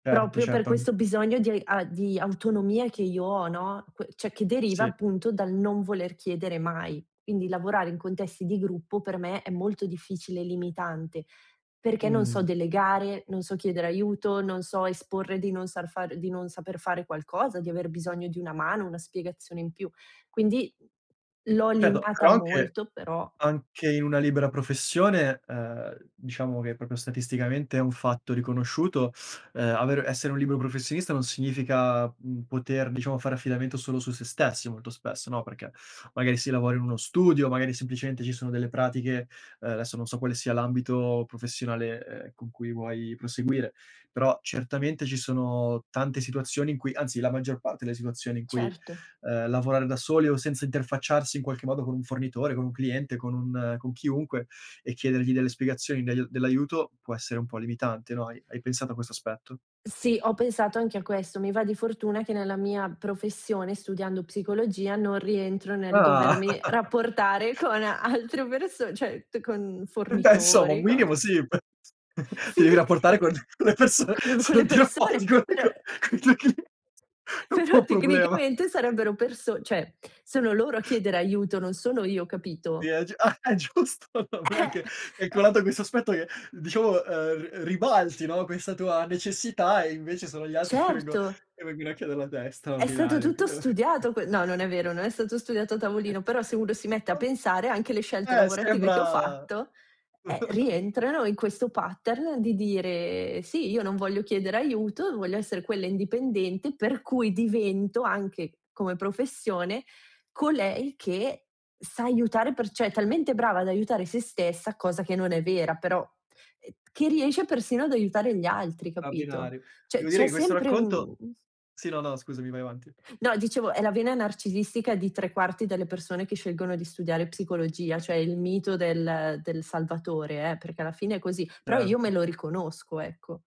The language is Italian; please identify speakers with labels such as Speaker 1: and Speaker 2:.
Speaker 1: Certo,
Speaker 2: Proprio per
Speaker 1: certo, an
Speaker 2: questo bisogno di a di autonomia che io ho, no, que cioè, che deriva
Speaker 1: Sì.
Speaker 2: appunto dal non voler chiedere mai. Quindi lavorare in contesti di gruppo per me è molto difficile e limitante, perché non so
Speaker 1: Mh.
Speaker 2: delegare, non so chiedere aiuto, non so esporre di non sar fare di non saper fare qualcosa, di aver bisogno di una mano, una spiegazione in più. Quindi, l'ho
Speaker 1: Certo,
Speaker 2: limata
Speaker 1: però anche
Speaker 2: molto, però
Speaker 1: anche in una libera professione, ehm, diciamo che proprio statisticamente è un fatto riconosciuto, ehm, aver essere un libero professionista non significa, mhmm, poter diciamo fare affidamento solo su se stessi molto spesso, no, perché magari si lavora in uno studio, magari semplicemente ci sono delle pratiche, ehm, adesso non so quale sia l'ambito professionale, ehm, con cui vuoi proseguire, però certamente ci sono tante situazioni in cui, anzi, la maggior parte delle situazioni in cui,
Speaker 2: Certo.
Speaker 1: ehm, lavorare da soli o senza interfacciarsi in qualche modo con un fornitore, con un cliente, con un con chiunque e chiedergli delle spiegazioni del dell'aiuto può essere un po' limitante, no. Hai hai pensato a questo aspetto?
Speaker 2: Sì, ho pensato anche a questo. Mi va di fortuna che nella mia professione, studiando psicologia, non rientro nel
Speaker 1: Ah!
Speaker 2: dovermi rapportare con altre perso cioè, t con
Speaker 1: Eh, beh, insomma, un
Speaker 2: fornitori, con
Speaker 1: minimo sì, p
Speaker 2: Sì,
Speaker 1: ti devi rapportare
Speaker 2: uhm
Speaker 1: con con le perso
Speaker 2: con
Speaker 1: se
Speaker 2: con le
Speaker 1: non ti
Speaker 2: persone,
Speaker 1: rapporti con con
Speaker 2: per
Speaker 1: con i tuoi clie è un po'
Speaker 2: però
Speaker 1: un problema!
Speaker 2: tecnicamente sarebbero perso cioè, sono loro a chiedere aiuto, non sono io,
Speaker 1: Sì
Speaker 2: capito?
Speaker 1: è g ah, è giusto,
Speaker 2: Eh,
Speaker 1: [unintelligible] è
Speaker 2: ehm
Speaker 1: colato questo aspetto che diciamo, uhm, r ribalti, no, questa tua necessità e invece sono gli altri che vengo
Speaker 2: Certo.
Speaker 1: che vengono a chiederlo a te.
Speaker 2: É stato
Speaker 1: Straordinario!
Speaker 2: tutto studiato que no, non
Speaker 1: [unintelligible]
Speaker 2: è vero, non è stato studiato a tavolino, però se uno si mette a
Speaker 1: [unintelligible]
Speaker 2: pensare anche le scelte
Speaker 1: Eh,
Speaker 2: lavorative che ho
Speaker 1: sembra
Speaker 2: fatto, eh, rientrano in questo pattern di dire: "Sì, io non voglio chiedere aiuto, voglio essere quella indipendente, per cui divento, anche come professione, colei che sa aiutare per cioè è talmente brava ad aiutare se stessa, cosa che non è vera, però, uhm, che riesce persino ad aiutare gli altri", capito?
Speaker 1: Straordinario.
Speaker 2: Cioè
Speaker 1: Devo dire
Speaker 2: c'è
Speaker 1: che questo
Speaker 2: sempre
Speaker 1: racconto
Speaker 2: un
Speaker 1: sì, no, no, scusami, vai avanti.
Speaker 2: no, dicevo, è la vena narcisistica di 3/4 delle persone che scelgono di studiare psicologia, cioè
Speaker 1: [unintelligible]
Speaker 2: il mito del del salvatore eh, perché alla fine è così, però io me
Speaker 1: Certo.
Speaker 2: lo riconosco, ecco.